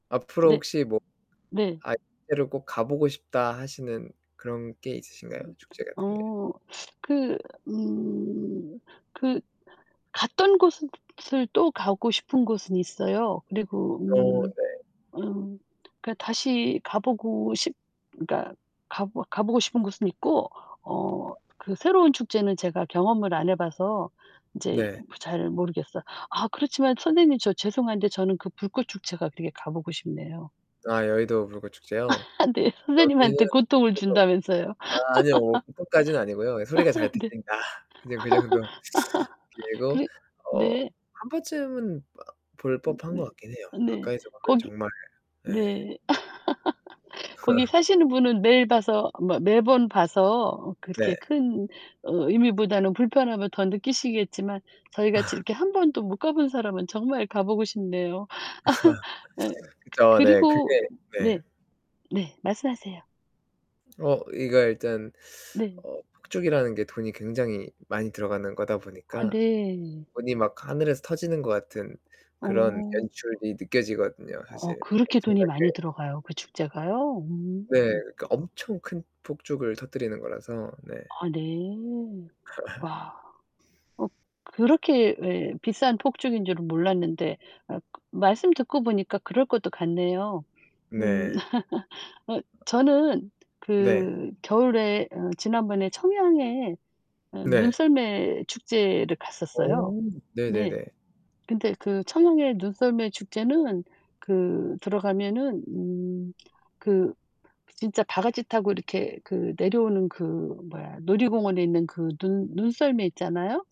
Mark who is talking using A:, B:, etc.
A: 앞으로
B: 네.
A: 혹시 뭐
B: 네.
A: '아, [unintelligible] 로 꼭 가 보고 싶다.' 하시는 그런 게 있으신가요? 축제 같은 게.
B: 어. 그 음. 그 갔던 곳은 을 또 가고 싶은 곳은 있어요. 그리고
A: 어,
B: 음
A: 네.
B: 음, 그니까 다시 가 보고 싶 그니까 가 보 가 보고 싶은 곳은 있고. 어, 그 새로운 축제는 제가 경험을 안 해 봐서 인제
A: 네.
B: 잘 모르겠어요. 아 그렇지만 선생님, 저 죄송한데 저는 그 불꽃 축제가 되게 가 보고 싶네요.
A: 아, 여의도 불꽃 축제요?
B: 아, 네.
A: 여기는
B: 선생님한테 고통을
A: 그래도
B: 준다면서요.
A: 아, 아니요. 뭐 고통까지는 아니고요. 소리가 잘
B: 네.
A: 들린다. 그냥 그 정도. 그리고
B: 그래
A: 어
B: 네.
A: 1 번쯤은 어 볼
B: 음
A: 법한
B: 네.
A: 것 같긴 해요.
B: 네.
A: 가까이서 보면
B: 거기
A: 정말 네.
B: 네. 거기 사시는 분은 매일 봐서 뭐 매번 봐서 어
A: 네.
B: 그렇게 큰 어 의미보다는 불편함을 더 느끼시겠지만 저희같이 이렇게 1 번도 못 가본 사람은 정말 가 보고 싶네요. 네. 그
A: 그죠. 네.
B: 그리고
A: 그게 네.
B: 네. 네. 말씀하세요.
A: 어, 이게 일단
B: 네.
A: 어, 폭죽이라는 게 돈이 굉장히 많이 들어가는 거다
B: 아
A: 보니까
B: 네.
A: 돈이 막 하늘에서 터지는 것 같은 그런
B: 어.
A: 연출이 느껴지거든요,
B: 어,
A: 사실.
B: 그렇게 돈이 많이
A: 엄청나게.
B: 들어가요? 그 축제가요? 음.
A: 네, 그 엄청 큰 폭죽을 터뜨리는 거라서. 네.
B: 아, 네. 와. 어, 그렇게 예 비싼 폭죽인 줄은 몰랐는데 아 말씀 듣고 보니까 그럴 것도 같네요. 음.
A: 네.
B: 어, 저는
A: 네.
B: 그 겨울에 어 지난번에 청양에 어
A: 네.
B: 눈썰매 축제를 갔었어요.
A: 어.
B: 네.
A: 네네네.
B: 근데 그 청양의 눈썰매 축제는 그 들어가면은 음 그 진짜 바가지 타고 이렇게 그 내려오는 그 뭐야. 놀이공원에 있는 그 눈 눈썰매 있잖아요?